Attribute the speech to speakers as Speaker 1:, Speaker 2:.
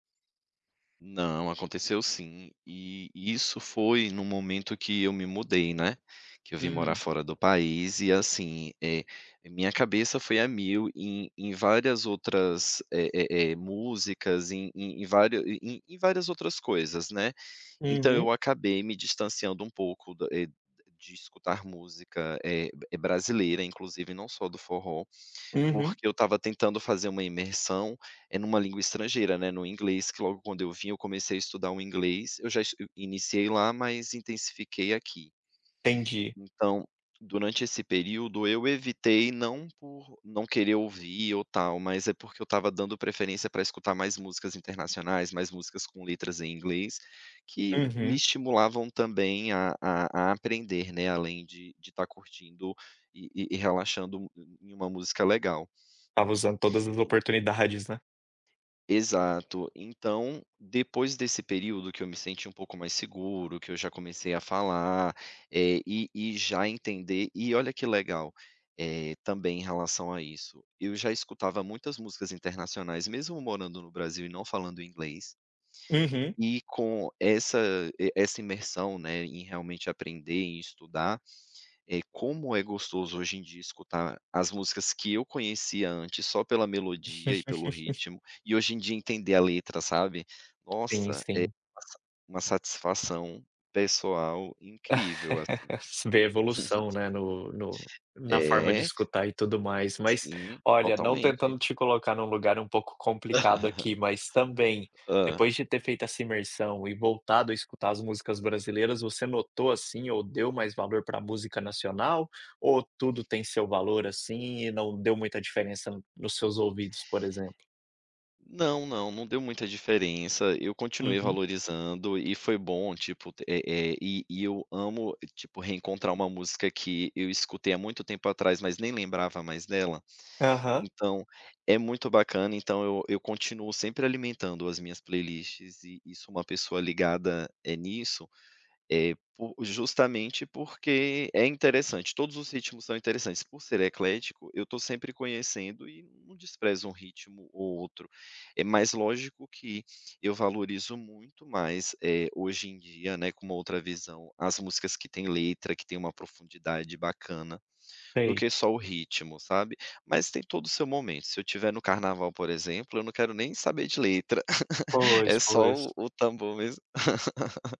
Speaker 1: Não, aconteceu sim, e e isso foi no momento que eu me mudei, né. Que eu vim morar
Speaker 2: Hum.
Speaker 1: fora do país e assim, eh, minha cabeça foi a mil em em várias outras eh eh eh, músicas, em em em vár em em várias outras coisas, né. Então, eu
Speaker 2: Uhum.
Speaker 1: acabei me distanciando um pouco, da eh de escutar música, eh eh, brasileira, inclusive, não só do forró,
Speaker 2: Uhum.
Speaker 1: porque eu estava tentando fazer uma imersão, eh, numa língua estrangeira, né, no inglês que, logo quando eu vim, eu comecei a estudar o inglês, eu já es iniciei lá, mas intensifiquei aqui.
Speaker 2: Entendi.
Speaker 1: Então, durante esse período, eu evitei não por não querer ouvir ou tal, mas é porque eu estava dando preferência para escutar mais músicas internacionais, mais músicas com letras em inglês, que me
Speaker 2: Uhum.
Speaker 1: estimulavam, também a a a aprender, né, além de de estar curtindo e e relaxando em em uma música legal.
Speaker 2: Estava usando todas as oportunidades, né.
Speaker 1: Exato. Então, depois desse período, que eu me senti um pouco mais seguro, que eu já comecei a falar, eh, e e já entender e olha que legal, eh, também em relação a isso, eu já escutava muitas músicas internacionais, mesmo morando no Brasil e não falando inglês
Speaker 2: Uhum.
Speaker 1: e com essa e essa imersão, né, em realmente aprender, em estudar, eh, como é gostoso, hoje em dia, escutar as músicas que eu conhecia antes só pela melodia e pelo ritmo, e hoje em dia entender a letra, sabe.
Speaker 2: Sim
Speaker 1: Nossa, é
Speaker 2: sim.
Speaker 1: uma sa uma satisfação pessoal incrível, assim.
Speaker 2: Ver a evolução, né, no no na forma de
Speaker 1: É.
Speaker 2: escutar e tudo mais. Mas,
Speaker 1: Sim,
Speaker 2: olha, não tentando
Speaker 1: totalmente.
Speaker 2: te colocar num lugar um pouco complicado aqui, mas, também,
Speaker 1: Hã.
Speaker 2: depois de ter feito essa imersão e voltado a escutar as músicas brasileiras, você notou, assim, ou deu mais valor para música nacional? Ou tudo tem seu valor, assim, e não deu muita diferença no nos seus ouvidos, por exemplo?
Speaker 1: Não, não, não deu muita diferença, eu continuei
Speaker 2: Uhum.
Speaker 1: valorizando e foi bom, tipo, eh eh, e e eu amo, tipo, reencontrar uma música que eu escutei há muito tempo atrás, mas nem lembrava mais dela.
Speaker 2: Aham.
Speaker 1: Então, é muito bacana, então eu eu continuo sempre alimentando as minhas playlists e e sou uma pessoa ligada, eh, nisso, eh, por justamente porque é interessante, todos os ritmos são interessantes, por ser eclético, eu estou sempre conhecendo e não desprezo um ritmo ou outro. É mas lógico que, eu valorizo muito mais, eh, hoje em dia, né, com outra visão, as músicas que têm letra, que têm uma profundidade bacana, do
Speaker 2: Sei.
Speaker 1: que só o ritmo, sabe. Mas tem todo o seu momento, se eu estiver no carnaval, por exemplo, eu não quero nem saber de letra. É
Speaker 2: Pois,
Speaker 1: só o
Speaker 2: pois.
Speaker 1: o tambor mesmo.